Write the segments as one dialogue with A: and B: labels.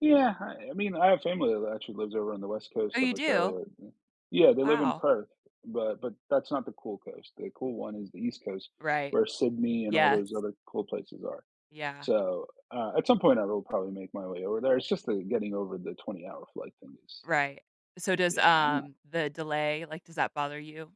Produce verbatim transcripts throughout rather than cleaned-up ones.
A: Yeah, I I mean, I have family that actually lives over on the west
B: Oh,
A: coast
B: you
A: of
B: do?
A: Australia. Yeah,
B: Oh,
A: they live in
B: wow.
A: Perth, but but that's not the cool coast. The cool one is the east coast,
B: Right.
A: where Sydney and all those
B: Yes.
A: other cool places are.
B: Yeah.
A: So, uh, at some point I will probably make my way over there. It's just, uh, getting over the twenty hour flight thing is
B: Right, so does,
A: Yeah, I'm not
B: um, the delay, like, does that bother you?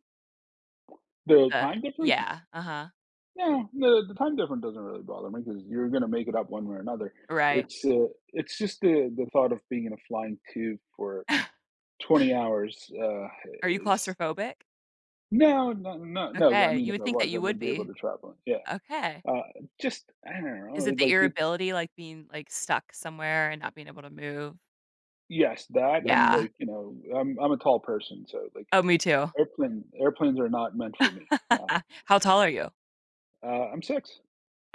A: The
B: Uh,
A: time difference?
B: yeah, uh-huh.
A: Yeah, the the time difference doesn't really bother me 'cause you're gonna make it up one way or another.
B: Right.
A: It's uh, it's just the the thought of being in a flying tube for twenty hours, uh,
B: Are you
A: is
B: claustrophobic?
A: No, no, no, no, I
B: Okay,
A: mean,
B: you
A: if
B: would
A: I
B: think that
A: was, I
B: you would
A: wouldn't be able
B: be.
A: to travel. Yeah.
B: Okay.
A: Uh, just, I don't
B: Is
A: know,
B: it the
A: like it
B: irrability, like, being, like, stuck somewhere and not being able to move?
A: Yes, that and
B: Yeah.
A: like, you know, I'm I'm a tall person, so like,
B: Oh, me too.
A: airplane airplanes are not meant for me, yeah.
B: How tall are you?
A: Uh, I'm six.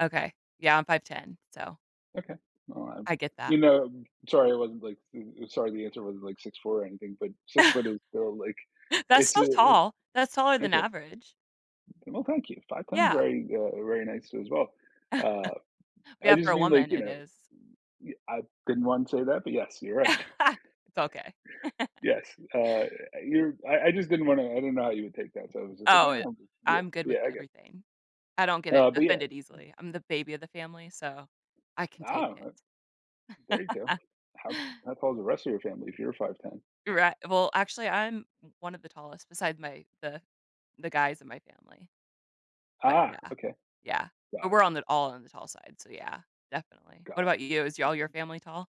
B: Okay, yeah, I'm five ten, so
A: Okay, well, uh,
B: I get that.
A: you know, sorry, I wasn't like, sorry, the answer wasn't like six four or anything, but six foot is still, like,
B: That's
A: it's
B: so
A: a, eh
B: tall. That's taller than
A: Okay.
B: average.
A: Well, thank you. five ten is
B: Yeah.
A: very, uh, very nice as well. Uh, I
B: Yeah, for
A: just
B: a
A: mean like,
B: woman,
A: you
B: it
A: know,
B: is.
A: y I didn't want to say that, but yes, you're right.
B: It's okay.
A: Yes, uh, you're I I just didn't wanna I didn't know how you would take that, so I was just like,
B: Oh, i
A: yeah, yeah,
B: I'm good with
A: yeah, I get
B: everything. I don't get, eh,
A: Uh, but yeah.
B: offended
A: M
B: easily. I'm the baby of the family, so I can take
A: Oh,
B: it.
A: o there you go. How how tall is the rest of your family if you're five ten?
B: Righ well, actually, I'm m one of the tallest besides my the the guys in my family. But
A: Ah,
B: yeah,
A: okay.
B: yeah. But
A: Got it.
B: we're on the all on the tall side, so yeah, definitely. What
A: Got
B: about you? Is all your family tall?